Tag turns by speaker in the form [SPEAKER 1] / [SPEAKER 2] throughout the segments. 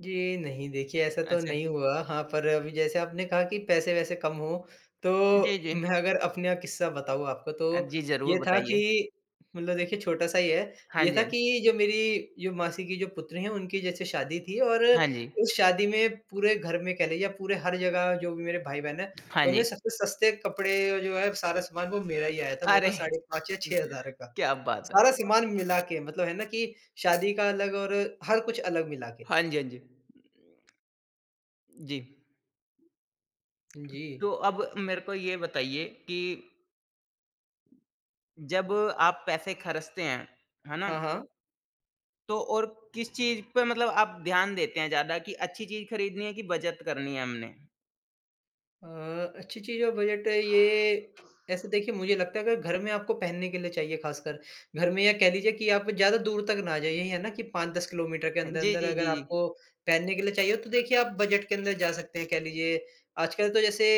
[SPEAKER 1] जी नहीं, देखिए ऐसा तो
[SPEAKER 2] अच्छा।
[SPEAKER 1] नहीं हुआ। हाँ, पर अभी जैसे आपने कहा कि पैसे-वैसे कम हों,
[SPEAKER 2] जी,
[SPEAKER 1] तो
[SPEAKER 2] जी।
[SPEAKER 1] मैं अगर अपने अ, किस्सा बताऊँ आपको
[SPEAKER 2] अ,
[SPEAKER 1] तो
[SPEAKER 2] जी, ज़रूर
[SPEAKER 1] ये था
[SPEAKER 2] बताइए।
[SPEAKER 1] कि मतलब देखिए छोटा-सा ही है,
[SPEAKER 2] हाँ
[SPEAKER 1] ये
[SPEAKER 2] जी,
[SPEAKER 1] था
[SPEAKER 2] हाँ।
[SPEAKER 1] कि जो मेरी जो मासी की जो पुत्री हैं, उनकी जैसे शादी थी और
[SPEAKER 2] हाँ जी।
[SPEAKER 1] उस शादी में पूरे घर में कह लीजिए, या पूरे हर जगह जो भी मेरे भाई-बहन हैं,
[SPEAKER 2] हाँ
[SPEAKER 1] उनमें
[SPEAKER 2] जी।
[SPEAKER 1] सबसे सस्ते कपड़े और जो है सारा सामान, वो मेरा ही आया था। वो तो
[SPEAKER 2] अरे!
[SPEAKER 1] साढ़े 5 या 6 हज़ार का,
[SPEAKER 2] क्या बात है!
[SPEAKER 1] सारा सामान मिलाके, मतलब है ना कि शादी का अलग और हर कुछ अलग मिलाके।
[SPEAKER 2] हाँ जी, हाँ जी। जी।
[SPEAKER 1] उ, जी।
[SPEAKER 2] तो अब मेरे को ये बताइए कि जब आप पैसे खर्चते हैं, है ना
[SPEAKER 1] हाँ, हाँ।
[SPEAKER 2] तो और किस चीज़ पे मतलब आप ध्यान देते हैं ज़्यादा, कि अच्छी चीज़ खरीदनी है कि बचत करनी है हमने?
[SPEAKER 1] अ, अच्छी चीज़ और बजट अ, ये, ऐसे देखिए मुझे लगता है अगर घर में आपको पहनने के लिए चाहिए खासकर, घर में या कह लीजिए कि आप ज़्यादा दूर तक ना जाइए यही है ना कि 5-10 किलोमीटर के
[SPEAKER 2] हें जी,
[SPEAKER 1] अंदर-अंदर
[SPEAKER 2] जी,
[SPEAKER 1] अगर
[SPEAKER 2] जी, जी।
[SPEAKER 1] आपको पहनने के लिए चाहिए, तो देखिए आप बजट के अंदर जा सकते हैं। कह लीजिए, आजकल तो जैसे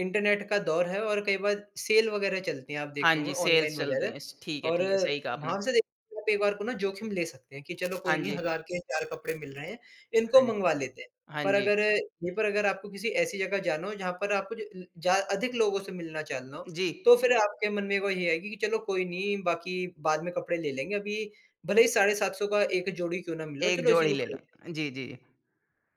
[SPEAKER 1] इंटरनेट का दौर है और कई बार सेल वगैरह चलती हैं आप
[SPEAKER 2] हाँ
[SPEAKER 1] देखते होंगे,
[SPEAKER 2] जी, सेल्स
[SPEAKER 1] ऑनलाइन
[SPEAKER 2] चल रही
[SPEAKER 1] वगैरह।
[SPEAKER 2] हैं। स ठीक है,
[SPEAKER 1] और
[SPEAKER 2] ठीक है, सही कहा आपने।
[SPEAKER 1] वहाँ से देखिए तो एकबार को ना जोखिम ले सकते हैं कि चलो
[SPEAKER 2] हाँ
[SPEAKER 1] कोई नहीं
[SPEAKER 2] जी।
[SPEAKER 1] हज़ार के 4 कपड़े मिल रहे हैं, इनको
[SPEAKER 2] हाँ जी।
[SPEAKER 1] मँगवा लेते हैं।
[SPEAKER 2] हाँ
[SPEAKER 1] पर
[SPEAKER 2] जी।
[SPEAKER 1] अगर यहीं पर अगर आपको किसी ऐसी जगह जाना हो जहाँ पर आपको ज अ, जहाँ अधिक लोगों से मिलना-चालना हो,
[SPEAKER 2] जी।
[SPEAKER 1] तो फिर आपके मन में वही आएगी कि चलो कोई नहीं, बाकी बाद में कपड़े ले लेंगे, अभी भले ही साढ़े 700 का 1 जोड़ी क्यों ना मिल रहा हो,
[SPEAKER 2] 1
[SPEAKER 1] चलो इसी
[SPEAKER 2] जोड़ी
[SPEAKER 1] को
[SPEAKER 2] ले लो।
[SPEAKER 1] खरीद
[SPEAKER 2] जी, जी।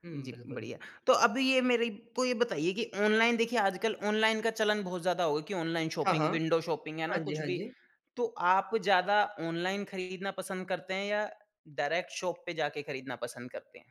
[SPEAKER 1] हुँ,
[SPEAKER 2] जी,
[SPEAKER 1] बिल्कुल।
[SPEAKER 2] बढ़िया। तो अभी ये मेरे को ये बताइए कि ऑनलाइन, देखिए आजकल ऑनलाइन का चलन बहुत ज़्यादा हो गया कि ऑनलाइन
[SPEAKER 1] हाँ, हाँ।
[SPEAKER 2] शौपिंग, विंडो शौपिंग, है
[SPEAKER 1] हाँ
[SPEAKER 2] ना,
[SPEAKER 1] जी,
[SPEAKER 2] कुछ
[SPEAKER 1] हाँ
[SPEAKER 2] भी।
[SPEAKER 1] जी।
[SPEAKER 2] तो आप ज़्यादा ऑनलाइन खरीदना पसंद करते हैं या डायरेक्ट शॉप पे जाके खरीदना पसंद करते हैं?